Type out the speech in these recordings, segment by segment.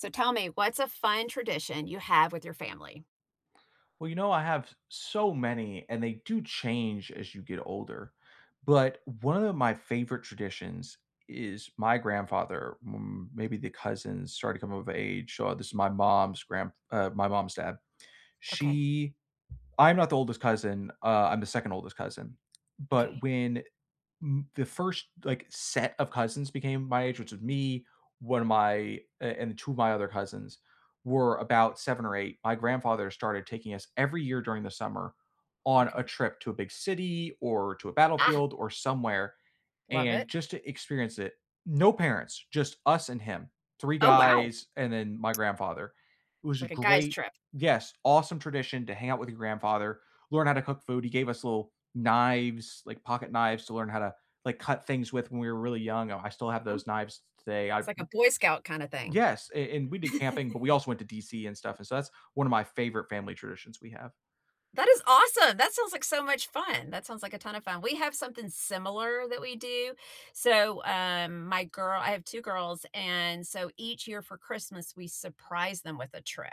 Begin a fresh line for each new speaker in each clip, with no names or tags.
So, tell me, what's a fun tradition you have with your family?
Well, you know, I have s so many, and they do change as you get older. But one of my favorite traditions i is my grandfather, m maybe the cousins, started to come of age. So, this is my mom's grandp uh, my mom's dad.
Okay.
She I'm not the oldest cousin. Uh, I'm the 2nd oldest cousin. But
Okay.
when n the first, like, set of cousins became my age, which was me, one of my a and 2 of my other cousins were about 7 or 8, my grandfather started taking us every year during the summer on a
Okay.
trip to a big city or to a
Ah!
battlefield or somewhere
Love
and
it.
just to experience it. No parents. Just us and him. 3
Oh, wow.
guys and then my grandfather. It
It's
was a
like a guys'
great
trip.
Yes, awesome tradition to hang out with your grandfather, learn how to cook food. He gave us little knives, like pocketknives to learn how to, like, cut things with when we were really young. Oh, I still have
Oh.
those knives t today. I
It's like a Boy Scout kinda thing.
Yes. A and we did camping, but we also went to DC and stuff. And so that's one of my favorite family traditions we have.
That is awesome. That sounds like so much fun. That sounds like a ton of fun. We have something similar that we do. So, um, my girl I have 2 girls. And so, each year for Christmas, we surprise them with a trip.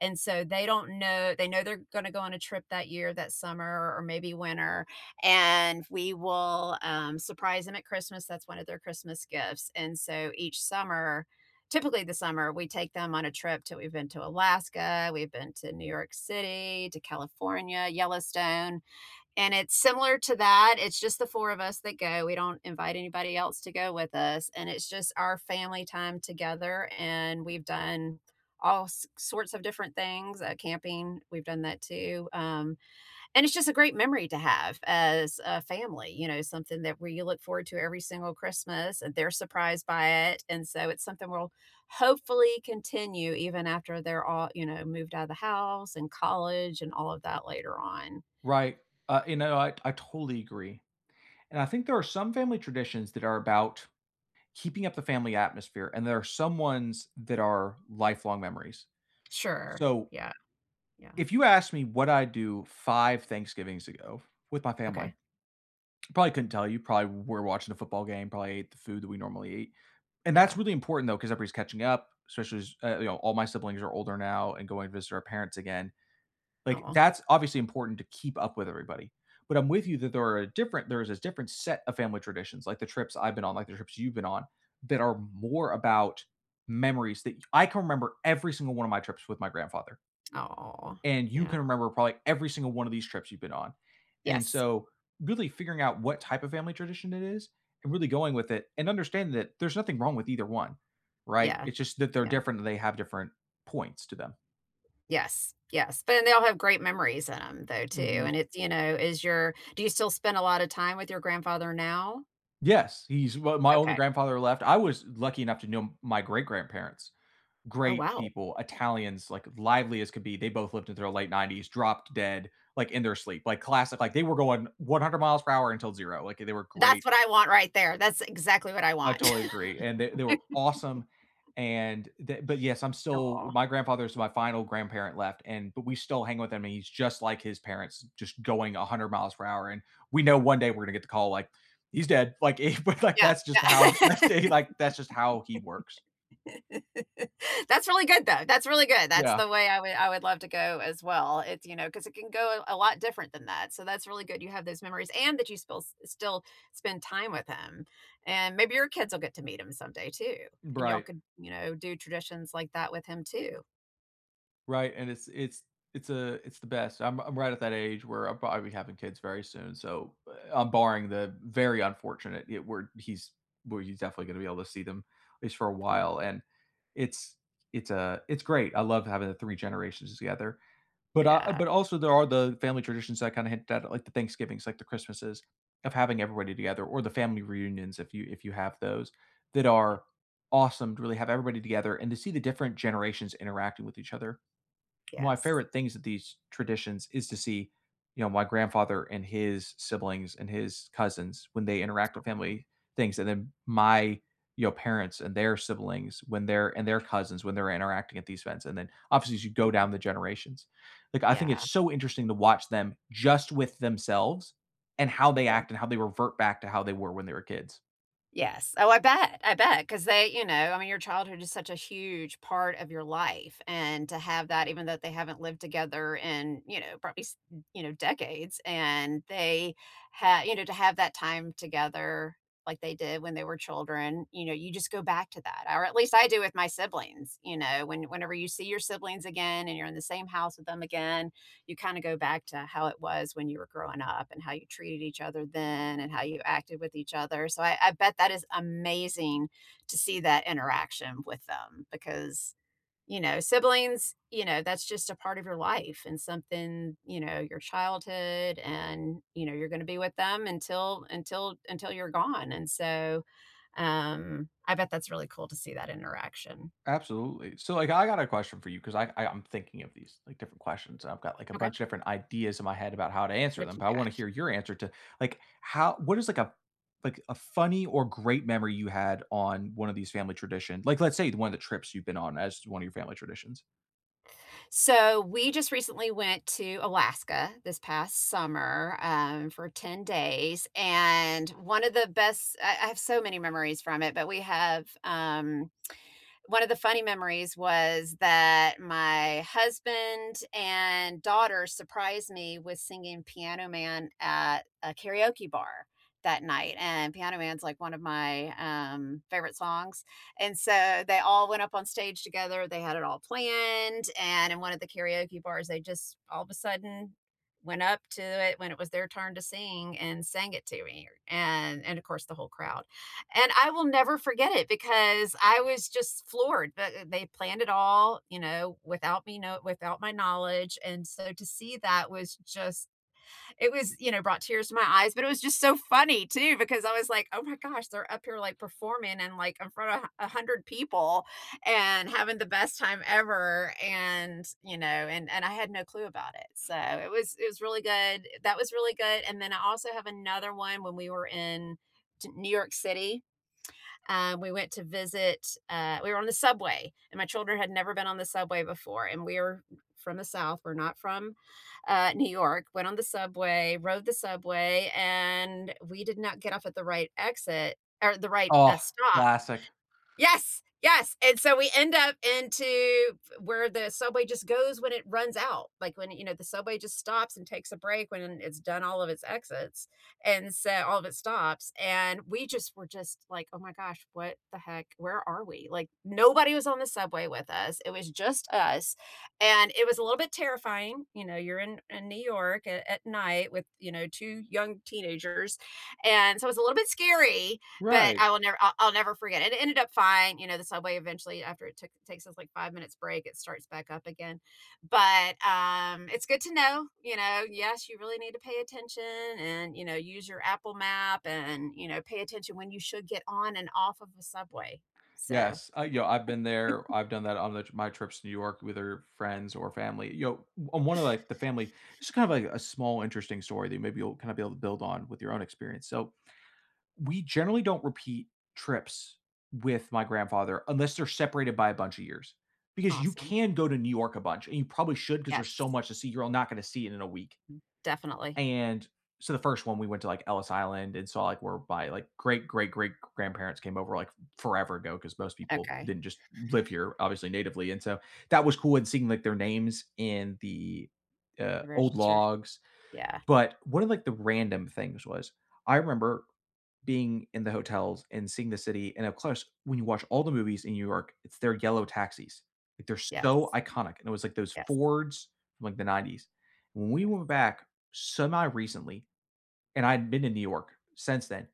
And so, they don't know they know they're gonna go on a trip that year, that summer or or maybe winter, and we will, um, surprise them at Christmas. That's one of their Christmas gifts. And so, each summer typically, the summer, we take them on a trip to we've been to Alaska, we've been to New York City, to California, Yellowstone, and it's similar to that. It's just the 4 of us that go. We don't invite anybody else to go with us, and it's just our family time together. And we've done all s sorts of different things. Uh, camping, we've done that too. Um, and it's just a great memory to have as a family, you know, something that we you look forward to every single Christmas, and they're surprised by it. And so, it's something we'll hopefully continue even after they're all, you know, moved out of the house and college and all of that later on.
Right. Uh, you know, I I totally agree. And I think there are some family traditions that are about keeping up the family atmosphere, and there are some ones that are lifelong memories.
Sure.
So
Yeah. Yeah.
if you ask me what I'd do 5 Thanksgivings ago with my family,
Okay.
I probably couldn't tell you. Probably we're watching a football game, probably ate the food that we normally eat. And that's
Yeah.
really important, though, 'cause everybody's catching up, especially as, you know, all my siblings are older now and going to visit our parents again. Like,
Aw.
that's obviously important to keep up with everybody. But I'm with you that there are a different there is a different set of family traditions, like the trips I've been on, like the trips you've been on, that are more about memories that I can remember every single one of my trips with my grandfather.
Aw,
And you
yeah.
can remember probably every single one of these trips you've been on. And
Yes.
so really figuring out what type of family tradition it is and really going with it and understanding that there's nothing wrong with either one, right?
Yeah.
It's just that they're
Yeah.
different, and they have different points to them.
Yes. Yes. But then they all have great memories in 'em, though, too.
Mhm.
And it's, you know is your do you still spend a lot of time with your grandfather now?
Yes, he's well my only
Okay.
grandfather left I was lucky enough to know my great-grandparents,
Oh,
great
wow.
people, Italians, like, lively as could be, they both lived in their late 90s, dropped dead, like, in their sleep, like, classic, like, they were going 100 miles per hour until 0, like, they were great
That's what I want right there, that's exactly what I
I
want.
totally agree and they they were awesome, and the but, yes, I'm still
Aw.
my grandfather is my final grandparent left, and but we still hang with him, and he's just like his parents, just going a 100 miles per hour. And we know one day we're gonna get the call, like, "He's dead." Like, he but,
Yeah,
that's just how that's
yeah.
just like that's just how he works.
That's really good though, that's really good, that's
Yeah.
the way I would I would love to go as well, it's you know, 'cause it can go, eh, a lot different than that, so that's really good you have those memories and that you still s still spend time with him, and maybe your kids will get to meet him someday too,
B
and y'all
right.
could, you know, do traditions like that with him too.
Right, and it's it's it's, uh, it's the best. I'm I'm right at that age where I'll probably be having kids very soon, so, eh, uh, I'm barring the very unfortunate, it where he's where he's definitely gonna be able to see them at least for a while,
Aw.
and it's it's, uh, it's great. I love having the 3 generations together. But, uh
Yeah.
but, also, there are the family traditions that kinda hit that like the Thanksgivings, like the Christmases of having everybody together or the family reunions if you if you have those, that
Yeah.
are awesome to really have everybody together and to see the different generations interacting with each other. My
Yes.
favorite things with these traditions is to see, you know, my grandfather and his siblings, and his cousins when they interact at
Aw.
family things, and then my, you know, parents and their siblings when they're and their cousins when they're interacting at these events, and then, obviously, as you go
Mm-mm.
down the generations, like, I think
Yeah.
it's so interesting to watch them just with themselves and how they act
Yes.
and how they revert back to how they were when they were kids.
Yes. Oh, I bet. I bet. 'Cause they you know, I mean, your childhood is such a huge part of your life. And to have that even though they haven't lived together in, you know, probably, s you know, decades. And they ha you know, to have that time together like they did when they were children, you know, you just go back to that. Or at least I do with my siblings. You know? When whenever you see your siblings again and you're in the same house with them again, you kinda go back to how it was when you were growing up and how you treated each other then and how you acted with each other. So I I bet that is amazing to see that interaction with them because, you know, siblings, you know, that's just a part of your life and something, you know, your childhood and, you know, you're gonna be with them until until until you're gone. And so, um, I bet that's really cool to see that interaction.
Absolutely. So, like, I got a question for you ‘cause I I I'm thinking of these, like, different questions. I've got, like, a
Okay.
bunch of different ideas in my head about how to answer them,
Whatcha
but I wanna
got?
hear your answer to, like, how what is, like, a like, a funny or great memory you had on one of these family tradition? Like, let's say, one of the trips you've been on as one of your family traditions.
So, we just recently went to Alaska this past summer, um, for 10 days, and one of the best I I have so many memories from it, but we have, um one of the funny memories was that my husband and daughter surprised me with singing Piano Man at a karaoke bar that night, and Piano Man's, like, one of my, um, favorite songs, and so they all went up on stage together, they had it all planned, and in one of the karaoke bars, they just all of a sudden went up to it when it was their turn to sing and sang it to me and and, of course, the whole crowd, and I will never forget it because I was just floored, but, eh, they planned it all, you know, without me know without my knowledge, and so to see that was just it was you know, brought tears to my eyes, but it was just so funny too because I was like, "Oh my gosh, they're up here, like, performing and, like, in front of 100 people and having the best time ever," and, you know, and and I had no clue about it, so it was it was really good. That was really good, and then I also have another one when we were in t New York City. Um, we went to visit, uh, we were on the subway, and my children had never been on the subway before, and we're from the South, we're not from, uh, New York, went on the subway, rode the subway, and we did not get off at the right exit er, the right,
Oh,
uh, stop
classic.
Yes. Yes, and so we end up into f where the subway just goes when it runs out, like, when, you know, the subway just stops and takes a break when it's done all of its exits and so all of its stops, and we, just, were, just, like, "Oh my gosh. What the heck? Where are we?" like, nobody was on the subway with us, it was just us, and it was a little bit terrifying, you know, you're in in New York a at night with, you know, 2 young teenagers, and so it's a little bit scary, but
Right.
I will never, uh, I'll never forget it, and it ended up fine, you know, the subway eventually after it took takes its, like, 5 minutes break, it starts back up again, but, um, it's good to know, you know, yes, you really need to pay attention and, you know, you use your Apple map and, you know, pay attention when you should get on and off of the subway, so
Yes, I, yo I've been there. I've done that on the my trips to New York with her friends or family. Yo, m I'm one of, like, the family it's kind of a a small interesting story that maybe you'll kinda be able to build on with your own experience. So, we generally don't repeat trips with my grandfather unless they're separated by a bunch of years because you
Awesome.
can go to New York a bunch and you probably should 'cause there's so
Yes.
much to see, you're all not gonna see it in a week
M definitely.
and, so the 1st one, we went to, like, Ellis Island and saw, like, where by, like, great, great, great g grandparents came over, like, forever ago 'cause most people
Okay.
didn't just live here, obviously, natively, and so that was cool and seeing, like, their names in the, uh,
The
old
register?
logs,
Yeah.
but one of, like, the random things was I remember being in the hotels and seeing the city, and, up close, when you watch all the movies in New York, it's their yellow taxis, like, they're so
Yes.
iconic, and it was, like, those
Yes.
Fords from, like, the '90s. When we went
Yes.
back semi-recently, and I hadn't been to New York since then,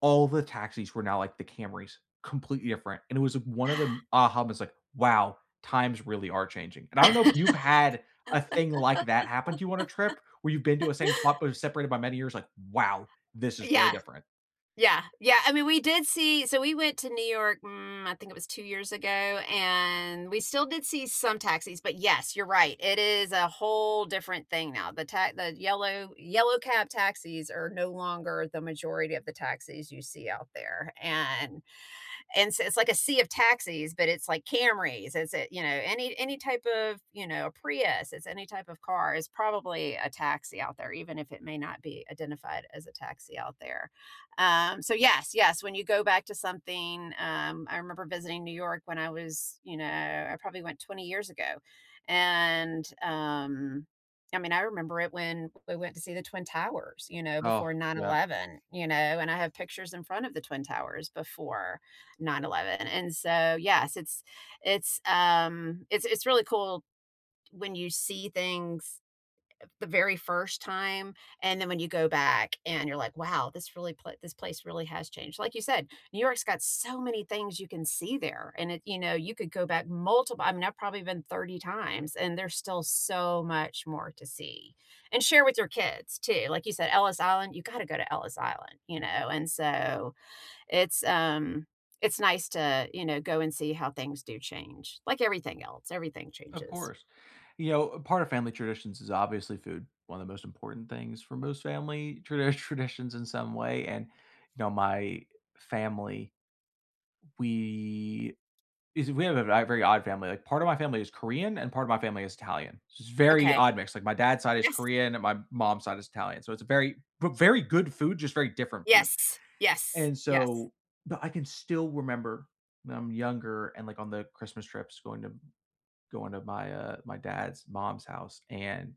all the taxis were now, like, the Camrys, completely different, and it was one of the m uh, almost like, "Wow. Times really are changing," and I don't know if you've had a thing like that happen to you on a trip where you've been to a same spot that was separated by many years, like, "Wow. This is
Yeah.
really different."
Yeah. Yeah, I mean, we did see so we went to New York, mm, I think it was 2 years ago, and we still did see some taxis, but, yes, you're right, it is a whole different thing now. The ta the yellow yellow cab taxis are no longer the majority of the taxis you see out there, and and so it's, like, a sea of taxis, but it's like Camrys, is is it, you know, any any type of, you know, Prius, it's any type of car. It's probably a taxi out there even if it may not be identified as a taxi out there. Um, so yes, yes, when you go back to something, um I remember visiting New York when I was, you know, I probably went 20 years ago, and, um, I mean, I remember it when we went to see the Twin Towers, you know,
Oh,
before
yeah.
9/11, you know, and I have pictures in front of the Twin Towers before 9/ 11, and so, yes, it's it's, um, it's it's really cool when you see things the very first time and then when you go back and you're like, "Wow, this really pla this place really has changed." Like you said, New York's got so many things you can see there, and it you know, you could go back multiple I mean, I've probably been 30 times, and there's still so much more to see, and share with your kids too, like you said, Ellis Island, you gotta go to Ellis Island, you know, and so, it's, um, it's nice to, you know, go and see how things do change, like everything else, everything
Of
changes.
course. You know, part of family traditions is obviously food, one of the most important things for most family tradi traditions in some way, and, you know, my family we is we have, uh, a very odd family, like, part of my family is Korean, and part of my family is Italian, it's a very
Okay.
odd mix. Like, my dad's side is
Yes.
Korean, and my mom's side is Italian, so it's a very v very good food, just very different food,
Yes. Yes.
and
Yes.
so but I can still remember when I'm younger and, like, on the Christmas trips going to going to my, uh, my dad's mom's house, and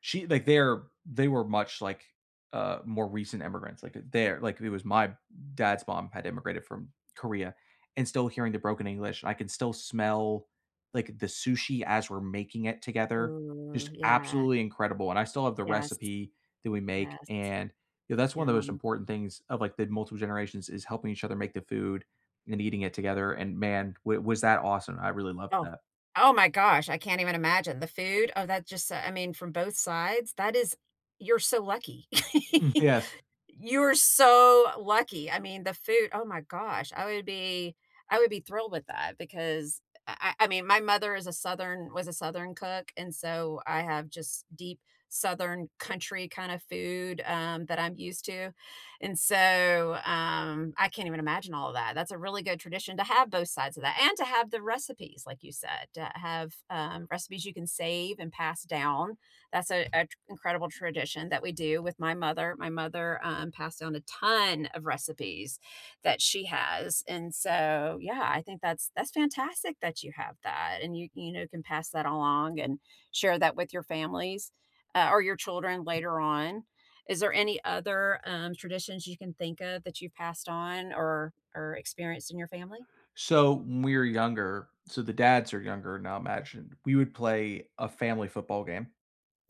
she like, they're they were much, like, uh, more recent immigrants, like, they're like, it was my dad's mom had immigrated from Korea and still hearing the broken English, I could still smell, like, the sushi as we're making it together. Just
Ooh, yeah.
absolutely incredible, and I still have the
Yes.
recipe that we make,
Yes.
and, you know, that's one of the most
Yum.
important things of, like, the multiple generations is helping each other make the food and eating it together, and, man, w was that awesome. I really loved
Oh.
that.
Oh my gosh! I can't even imagine, the food? Oh, that just, uh I mean, from both sides, that is you're so lucky.
Mm, yes.
You're so lucky. I mean, the food, oh my gosh! I would be I would be thrilled with that because, a a I mean, my mother is a Southern was a Southern cook, and so I have, just, deep southern country kinda food, um, that I'm used to, and so, um, I can't even imagine all of that. That's a really good tradition to have both sides of that and to have the recipes, like you said, to have, uh, recipes you can save and pass down. That's a a t incredible tradition that we do with my mother. My mother, um, passed down a ton of recipes that she has, and so, yeah, I think that's that's fantastic that you have that, and you you know, can pass that along and share that with your families, uh, or your children later on. Is there any other, um, traditions you can think of that you've passed on or or experienced in your family?
So when we were younger so the dads are younger now, imagine, we would play a family football game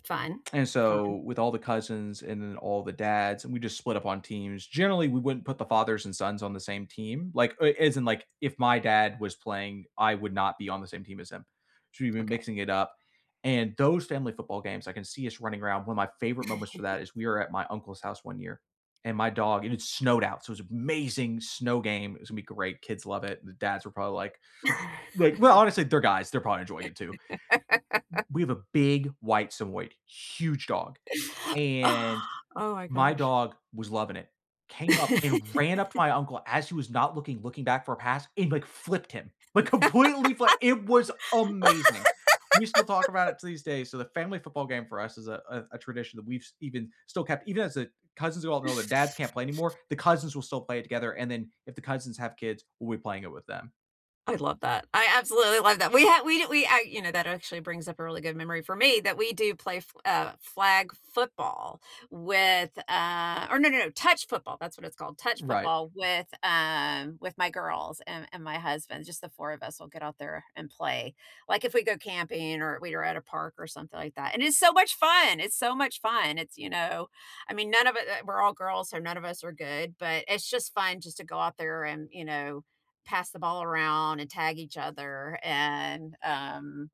Fun.
and so
Fun.
with all the cousins and then all the dads, and we just split up on teams. Generally, we wouldn't put the fathers and sons on the same team. Like, uh, as in, like, if my dad was playing, I would not be on the same team as him, so we've been
Okay.
mixing it up, and those family football games, I can see us running around. One of my favorite moments for that is we were at my uncle's house 1 year, and my dog and it snowed out, so it was amazing snow game. It was gonna be great, kids love it. The dads were probably like like well, honestly, they're guys, they're probably enjoying it too. W we have a big white Samoyed, huge dog, and
Oh my
my
gosh.
dog was loving it, came up and ran up to my uncle as he was not looking, looking back for a pass and, like, flipped him, like, completely flat, it was amazing. We still talk about it to these day, so the family football game for us is a a a tradition that we've even still kept even as the cousins are all grown, their dads can't play anymore, the cousins will still play it together, and then if the cousins have kids, we'll be playing it with them.
I love that. I absolutely love that. We ha we we you know, that actually brings up a really good memory for me that we do play f uh, flag football with, uh or no, no, no, touch football. That's what it's called. Touch
Right.
football with, um, with my girls and and my husband. Just the four of us will get out there and play. Like, if we go camping or we were at a park or something like that. And it's so much fun! It's so much fun. It's you know? I mean, none of it uh, we're all girls, so none of us are good. But it's just fun just to go out there and, you know, pass the ball around and tag each other. And, um,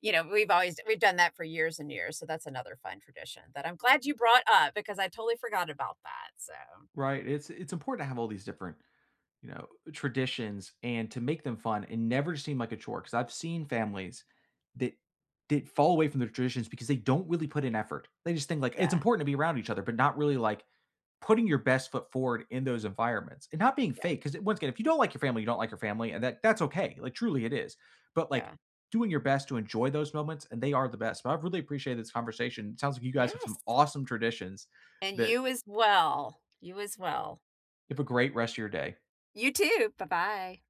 you know, we've always we've done that for years and years, so that's another fun tradition that I'm glad you brought up because I totally forgot about that. So
Right. It's it's important to have all these different, you know, traditions and to make them fun and never seem like a chore. 'Cause I've seen families that did fall away from their traditions because they don't really put in effort. They just think, like, it's
Yeah.
important to be around each other, but not really, like, putting your best foot forward in those environments and not being
Yeah.
fake. 'Cause i once again, if you don't like your family, you don't like your family, and that that's okay. Like, truly, it is. But, like,
Yeah.
doing your best to enjoy those moments, and they are the best. But I really appreciate this conversation. It sounds like you guys have some
Yes.
awesome traditions
And
that
you as well. You as well.
Have a great rest of your day.
You too. Bye bye.